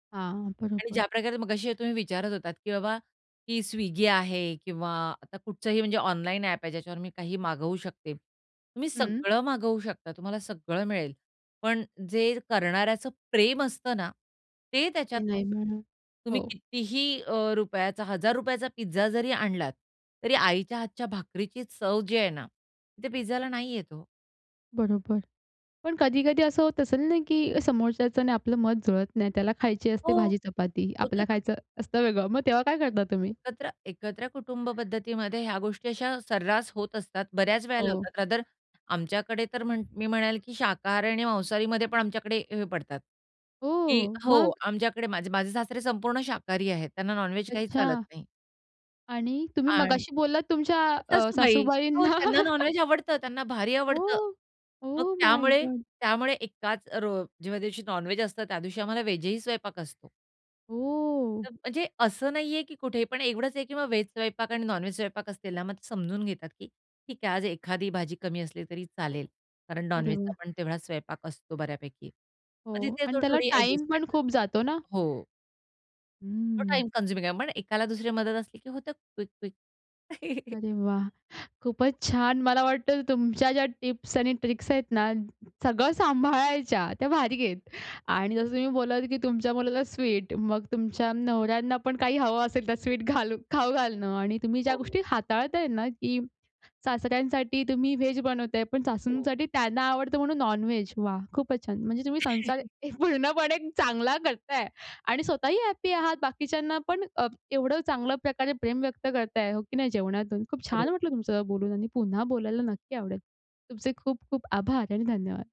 हां, आणि बरोबर. ज्याप्रकारे मघाशी तुम्ही विचारत होतात, की बाबा की Swiggy आहे किंवा आता कुठचंही म्हणजे ऑनलाईन ॲप आहे, ज्याच्यावर मी काहीही मागवू शकते. तुम्ही हं. सगळं मागवू शकता, तुम्हाला सगळं मिळेल, पण जे करणाऱ्याचं प्रेम असतं ना, ते ते त्याच्यात नाही नसतं. म्हणा तुम्ही हो. कितीही अ, रुपयाचा, हजार रुपयाचा पिझ्झा जरी आणलात तरी आईच्या हातच्या भाकरीची चव जी आहे ना, ती पिझ्झाला नाही येत ओ. बरोबर. पण कधी-कधी असं होत असेल ना, की समोरच्याचं आणि आपलं मत जुळत नाही, त्याला खायची हो. असते भाजी चपाती, होतं आपला ना. खायचं असतं वेगळं. मग तेव्हा काय करता तुम्ही? एकत्र एकत्र कुटुंब पद्धतीमध्ये ह्या गोष्टी अशा सर्रास होत असतात. बऱ्याच वेळेला हो. होतात. रादर आमच्याकडे तर मी म्हणेल, की शाकाहारी आणि मांसाहारीमध्ये पण आमच्याकडे हे पडतात. की ओ! मग? हो. आमच्याकडे माझे माझे सासरे संपूर्ण शाकाहारी आहेत, त्यांना नॉन-व्हेज काही चालत अच्छा. नाही. आणि तुम्ही आणि मगाशी बोललात तुमच्या अ, सासूबाई. हो सासूबाईंना त्यांना नॉन-व्हेज आवडतं, त्यांना भारी ओ! आवडतं. ओ मग माय त्यामुळे गॉड! त्यामुळे एकाच रो जेव्हा दिवशी नॉन-व्हेज असतं, त्या दिवशी आम्हाला व्हेज ही स्वयंपाक असतो. ओ! [unintelligible] म्हणजे असं नाहीये, की कुठे पण एवढंच आहे, की मग व्हेज स्वयंपाक आणि नॉन-व्हेज स्वयंपाक असलेला, मग ते समजून घेतात, की ठीक आहे. आज एखादी भाजी कमी असली तरी चालेल, कारण अरे नॉन-व्हेजचा वाह! पण तेवढा स्वयंपाक असतो बऱ्यापैकी. मग हो. तिथे आणि त्याला थोडी-थोडी टाईम अ‍ॅडजस्टमेंट पण खूप जातो ना? होती हो. तो हम्म. टाईम कन्झ्युमिंग आहे. पण एकाला दुसरी मदत असली की होतं क्विक-क्विक. अरे वाह! खूपच छान. मला वाटतं तुमच्या ज्या टिप्स आणि ट्रिक्स आहेत ना, सगळं सांभाळायच्या त्या भारी आहेत. आणि जसं तुम्ही बोललात, की तुमच्या मुलाला स्वीट, मग तुमच्या नवऱ्यांना पण काही हवं असेल तर स्वीट घालू खाऊ घालणं. आणि तुम्ही ज्या हो. गोष्टी हाताळताय ना, की सासऱ्यांसाठी तुम्ही, व्हेज बनवताय, पण हो. सासूंसाठी त्यांना आवडतं म्हणून नॉन-व्हेज, वाह! खूपच छान. म्हणजे तुम्ही संसार एक पूर्णपणे चांगला करताय आणि स्वतःही हॅपी आहात. बाकीच्यांना पण अ, एवढं चांगल्या प्रकारे प्रेम व्यक्त करताय हो की नाही जेवणातून. खूप छान वाटलं बरोबर. तुमचं बोलून आणि पुन्हा बोलायला नक्की आवडेल. तुमचे खूप खूप आभार आणि धन्यवाद.